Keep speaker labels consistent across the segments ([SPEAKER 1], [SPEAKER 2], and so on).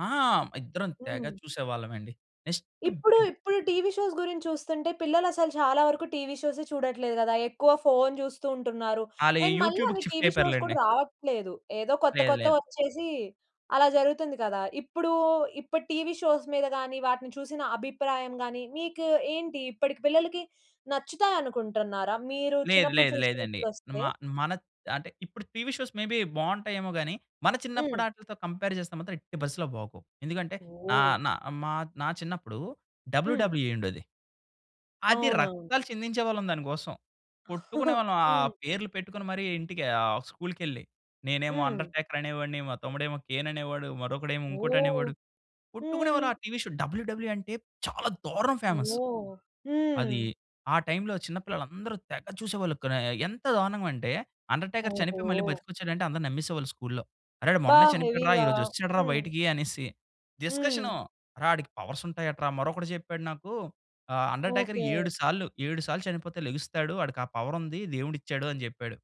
[SPEAKER 1] ఆ! ఇద్దరం తెగ
[SPEAKER 2] హ్మ్.
[SPEAKER 1] చూసేవాళ్ళమండి. నెక్స్ట్
[SPEAKER 2] ఇప్పుడు ఇప్పుడు టీవీ షోస్ గురించి చూస్తుంటే, పిల్లలసలు చాలా వరకు టీవీ షోసే చూడట్లేదు కదా! ఎక్కువ ఫోన్ చూస్తూ ఉంటున్నారు.
[SPEAKER 1] ఆళ్ళు
[SPEAKER 2] అండ్ మళ్ళీ
[SPEAKER 1] యూట్యూబ్‌కి
[SPEAKER 2] అవి
[SPEAKER 1] షిఫ్ట్
[SPEAKER 2] టీవీ
[SPEAKER 1] అయిపోయారు
[SPEAKER 2] షోస్ కూడా
[SPEAKER 1] లెండి.
[SPEAKER 2] రావట్లేదు. ఏదో కొత్త
[SPEAKER 1] లేదు
[SPEAKER 2] కొత్తవి
[SPEAKER 1] లేదు.
[SPEAKER 2] వచ్చేసి అలా జరుగుతుంది కదా! ఇప్పుడు, ఇప్పటి టీవీ షోస్ మీద గాని, వాటిని చూసిన అభిప్రాయం గాని మీకు ఏంటి? ఇప్పటికి పిల్లలకి నచ్చుతాయనుకుంటున్నారా? మీరు
[SPEAKER 1] లేదు
[SPEAKER 2] చిన్నప్పుడు
[SPEAKER 1] లేదు.
[SPEAKER 2] చూసినవి
[SPEAKER 1] లేదండి.
[SPEAKER 2] ఇప్పుడొస్తే?
[SPEAKER 1] మా మనత్ అంటే ఇప్పుడు టీవీ షోస్ మే బి బాగుంటాయేమో గాని, మన చిన్నప్పటి
[SPEAKER 2] హ్మ్.
[SPEAKER 1] వాటితో కంపేర్ చేస్తే, మాత్రం ఎట్టి పరిస్థితిలో బాగోవు. ఎందుకంటే నా
[SPEAKER 2] ఓహ్!
[SPEAKER 1] నా మా నా చిన్నప్పుడు
[SPEAKER 2] హ్మ్.
[SPEAKER 1] డబల్యుడబల్యుఈ ఉండేది. అది
[SPEAKER 2] అవునవును.
[SPEAKER 1] రక్తాలు చిందించేవాళ్ళం దానికోసం. కొట్టుకునేవాళ్ళం ఆ
[SPEAKER 2] హ్మ్.
[SPEAKER 1] పేర్లు పెట్టుకొని మరి ఇంటికి, ఆహ్, స్కూల్‌కెళ్ళి. నేనేమో
[SPEAKER 2] హ్మ్.
[SPEAKER 1] 'అండర్టేకర్' అనేవాడిని, మా తమ్ముడేమో 'కేన్' అనేవాడు, మరొకడేమో
[SPEAKER 2] ఓహ్!
[SPEAKER 1] ఇంకోటనేవాడు, కొట్టుకునేవాళ్ళం.
[SPEAKER 2] హ్మ్.
[SPEAKER 1] ఆ టీవీ షో డబల్యుడబల్యుఈ అంటే చాలా దారుణం ఫేమస్.
[SPEAKER 2] ఓహ్! హ్మ్.
[SPEAKER 1] అది ఆ టైమ్‌లో చిన్న పిల్లలందరూ తెగ చూసేవాళ్ళు. క ఎంత దారుణంగా అంటే 'అండర్టేకర్' చనిపోయి, మళ్ళీ
[SPEAKER 2] ఓహో!
[SPEAKER 1] బ్రతికొచ్చాడంటే అందరూ నమ్మేసేవాళ్ళు స్కూల్‌లో. "అరే!
[SPEAKER 2] బా
[SPEAKER 1] మొన్నే చనిపోయాడు రా! ఈ
[SPEAKER 2] హెవీగా
[SPEAKER 1] రోజు వచ్చాడు రా
[SPEAKER 2] హ్మ్.
[SPEAKER 1] బయటికి" అనేసి
[SPEAKER 2] హ్మ్.
[SPEAKER 1] డిస్కషను. అరె, వాడికి పవర్స్ ఉంటాయటరా మరొకడు చెప్పాడు నాకు ఆహ్, "అండర్టేకర్
[SPEAKER 2] ఓకే.
[SPEAKER 1] 7 సార్లు 7 సార్లు చనిపోతే లేగుస్తాడు! వాడికా పవర్ ఉంది. దేవుడిచ్చాడు" అని చెప్పాడు.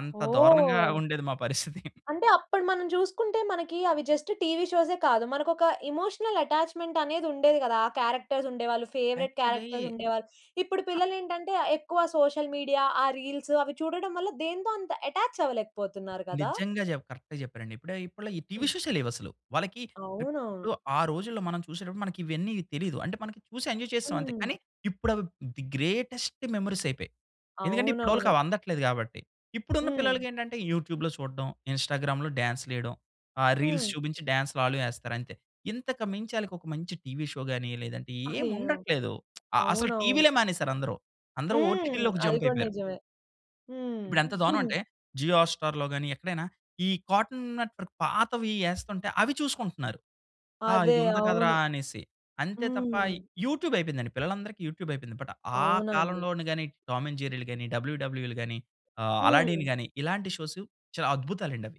[SPEAKER 1] అంత దారుణంగా
[SPEAKER 2] ఓహ్!
[SPEAKER 1] ఉండేది మా పరిస్థితి.
[SPEAKER 2] అంటే అప్పుడు మనం చూసుకుంటే, మనకి అవి జస్ట్ టీవీ షోసే ఏ కాదు. మనకొక ఎమోషనల్ అటాచ్‌మెంట్ అనేదుండేది కదా! ఆ క్యారెక్టర్స్ ఉండేవాళ్ళు. ఫేవరైట్
[SPEAKER 1] యాక్చువల్లీ
[SPEAKER 2] క్యారెక్టర్స్ ఉండేవాళ్ళు. ఇప్పుడు పిల్లలేంటంటే ఆహ్, ఎక్కువ సోషల్ మీడియా, ఆ రీల్స్ అవి చూడడం వల్ల, దేనితో అంత అటాచ్ అవ్వలేకపోతున్నారు కదా!
[SPEAKER 1] నిజంగా చెప్ కరెక్ట్‌గా చెప్పారండి. ఇప్పుడే ఇప్పడిలో ఈ
[SPEAKER 2] హ్మ్.
[SPEAKER 1] షోసే లేవసలు. వాళ్ళకి
[SPEAKER 2] అవునవును.
[SPEAKER 1] ఇప్పుడు ఆ రోజుల్లో మనం చూసేటప్పుడు మనకి ఇవన్నీ తెలీదు. అంటే మనం చూసి ఎంజాయ్ చేసాం అంతే.
[SPEAKER 2] హ్మ్.
[SPEAKER 1] కానీ ఇప్పుడు అవి ది గ్రేటెస్ట్ మెమోరీస్ అయిపోయాయి. ఎందుకంటే ఇప్పుడోళ్ళకి
[SPEAKER 2] అవునవును.
[SPEAKER 1] అవి అందట్లేదు కాబట్టి. ఇప్పుడున్న
[SPEAKER 2] హ్మ్.
[SPEAKER 1] పిల్లలకేంటంటే యూట్యూబ్‌లో చూడడం, ఇన్‌స్టాగ్రామ్‌లో డాన్స్‌లు వేయడం, ఆ
[SPEAKER 2] హ్మ్.
[SPEAKER 1] రీల్స్ చూపించి, డాన్సులు ఆళ్ళూ వేస్తారు అంతే. ఇంతకు మించి వాళ్ళకి ఒక మంచి టీవి షో గాని, లేదంటే
[SPEAKER 2] అయ్యో!
[SPEAKER 1] ఏముండట్లేదు. ఆహ్, అసలు
[SPEAKER 2] అవునవును.
[SPEAKER 1] టీవీలే మానేసారందరు. అందరూ
[SPEAKER 2] హ్మ్.
[SPEAKER 1] ఓటీటీలోకి
[SPEAKER 2] అది
[SPEAKER 1] జంప్
[SPEAKER 2] కూడా
[SPEAKER 1] అయిపోయారు.
[SPEAKER 2] నిజమే. హ్మ్.
[SPEAKER 1] ఇప్పుడెంత దారుణం అంటే జియో హాట్‌స్టార్‌లో గాని, ఎక్కడైనా ఈ కార్టూన్ నెట్‌వర్క్ పాతవి వేస్తుంటే, అవి చూసుకుంటున్నారు. ఆహ్,
[SPEAKER 2] అదే.
[SPEAKER 1] "ఇది ఉంది కదరా!"
[SPEAKER 2] అవును.
[SPEAKER 1] అనేసి. అంతే తప్ప
[SPEAKER 2] హ్మ్.
[SPEAKER 1] యూట్యూబ్ అయిపోయిందండి, పిల్లలందరికీ యూట్యూబ్ అయిపోయింది. బట్ ఆ
[SPEAKER 2] అవునండి.
[SPEAKER 1] కాలంలోని గాని టామ్ అండ్ జెర్రీలు గాని, డబల్యూడబల్యూఈలు గాని, ఆహ్, అలాడిన్
[SPEAKER 2] హ్మ్.
[SPEAKER 1] గాని ఇలాంటి షోస్ చాలా అద్భుతాలండవి.